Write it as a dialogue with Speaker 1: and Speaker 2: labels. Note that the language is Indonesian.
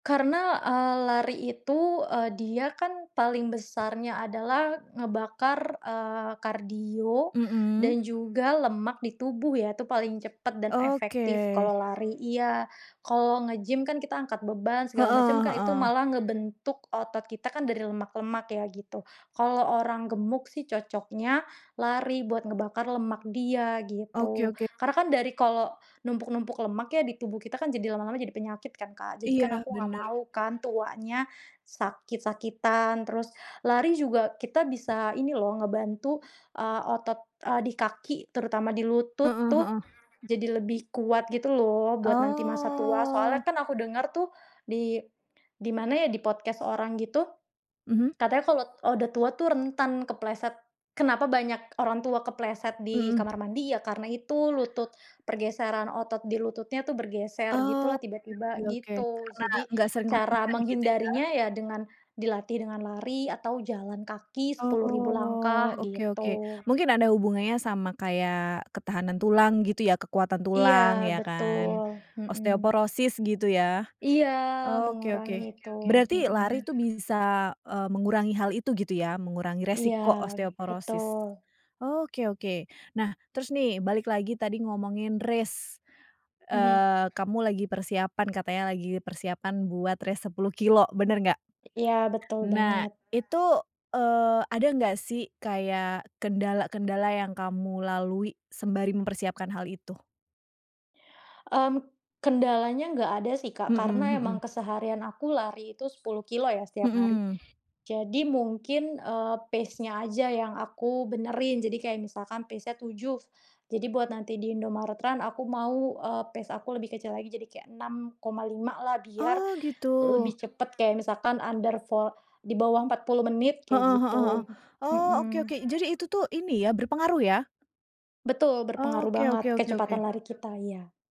Speaker 1: Karena, eee, lari itu, eee, dia kan paling besarnya adalah ngebakar, eee, kardio
Speaker 2: Mhm.
Speaker 1: dan juga lemak di tubuh ya, itu paling cepat dan efektif
Speaker 2: Oke.
Speaker 1: kalau lari iya. Kalau nge-gym kan kita angkat beban, segala macam,
Speaker 2: Heeh
Speaker 1: kan itu
Speaker 2: heeh.
Speaker 1: malah ngebentuk otot kita kan dari lemak-lemak ya gitu. Kalau orang gemuk sih, cocoknya lari buat ngebakar lemak dia
Speaker 2: Oke
Speaker 1: gitu.
Speaker 2: oke.
Speaker 1: Karena kan dari kalau numpuk-numpuk lemak ya di tubuh kita kan jadi lama-lama jadi penyakit kan, Kak. Jadi kan
Speaker 2: Iya,
Speaker 1: aku enggak
Speaker 2: benar.
Speaker 1: mau kan tuanya sakit-sakitan, terus lari juga kita bisa ini loh ngebantu, eee, otot, eee, di kaki terutama di lutut
Speaker 2: Heeh
Speaker 1: tuh,
Speaker 2: heeh.
Speaker 1: jadi lebih kuat gitu loh, buat nanti masa tua soalnya
Speaker 2: Oh.
Speaker 1: kan aku denger tuh di di mana ya di podcast orang gitu.
Speaker 2: Mhm.
Speaker 1: Katanya, kalau udah tua tuh rentan kepleset. Kenapa banyak orang tua kepleset di
Speaker 2: Mhm.
Speaker 1: kamar mandi ya karena itu lutut, pergeseran otot di lututnya tuh bergeser
Speaker 2: Oh,
Speaker 1: gitulah
Speaker 2: oke oke
Speaker 1: tiba-tiba,
Speaker 2: oke.
Speaker 1: gitu.
Speaker 2: Karena
Speaker 1: Jadi
Speaker 2: enggak sering
Speaker 1: cara
Speaker 2: latihan gitu ya?
Speaker 1: menghindarinya, ya dengan dilatih dengan lari atau jalan kaki 10.000
Speaker 2: Oh,
Speaker 1: langkah
Speaker 2: oke oke.
Speaker 1: gitu.
Speaker 2: Mungkin ada hubungannya sama kayak ketahanan tulang gitu ya, kekuatan
Speaker 1: Iya
Speaker 2: tulang ya
Speaker 1: betul,
Speaker 2: kan?
Speaker 1: mhm.
Speaker 2: Osteoporosis gitu ya?
Speaker 1: Iya
Speaker 2: Oke,
Speaker 1: mengurangi
Speaker 2: oke.
Speaker 1: itu,
Speaker 2: Berarti
Speaker 1: hmm.
Speaker 2: lari tuh bisa, eee, mengurangi hal itu gitu ya? Mengurangi
Speaker 1: Iya,
Speaker 2: resiko osteoporosis?
Speaker 1: betul.
Speaker 2: Oke oke. Nah terus nih, balik lagi tadi ngomongin race.
Speaker 1: Mhm.
Speaker 2: Eee, kamu lagi persiapan katanya lagi persiapan buat race 10 kilo benar enggak?
Speaker 1: Iya betul
Speaker 2: Nah,
Speaker 1: banget.
Speaker 2: itu, eee, ada enggak sih, kayak kendala-kendala yang kamu lalui sembari mempersiapkan hal itu?
Speaker 1: Mmm, kendalanya enggak ada sih, Kak,
Speaker 2: Mhm
Speaker 1: karena emang
Speaker 2: mhm.
Speaker 1: keseharian aku lari itu 10 kilo ya, setiap hari.
Speaker 2: Mhm.
Speaker 1: Jadi mungkin, eee, pace-nya aja yang aku benerin. Jadi kayak misalkan pace-nya 7, jadi buat nanti di Indomaret Run aku mau, eee, pace-nya aku lebih kecil lagi jadi kayak 6,5 lah biar
Speaker 2: Oh gitu.
Speaker 1: lebih cepet kayak misalkan under vo di bawah 40 menit kayak
Speaker 2: Heeh heeh heeh.
Speaker 1: gitu.
Speaker 2: Oh, oke
Speaker 1: Hmm.
Speaker 2: oke. Jadi itu tuh ini ya, berpengaruh ya?
Speaker 1: Betul berpengaruh
Speaker 2: Oke
Speaker 1: banget,
Speaker 2: oke oke
Speaker 1: kecepatan
Speaker 2: oke.
Speaker 1: lari kita iya.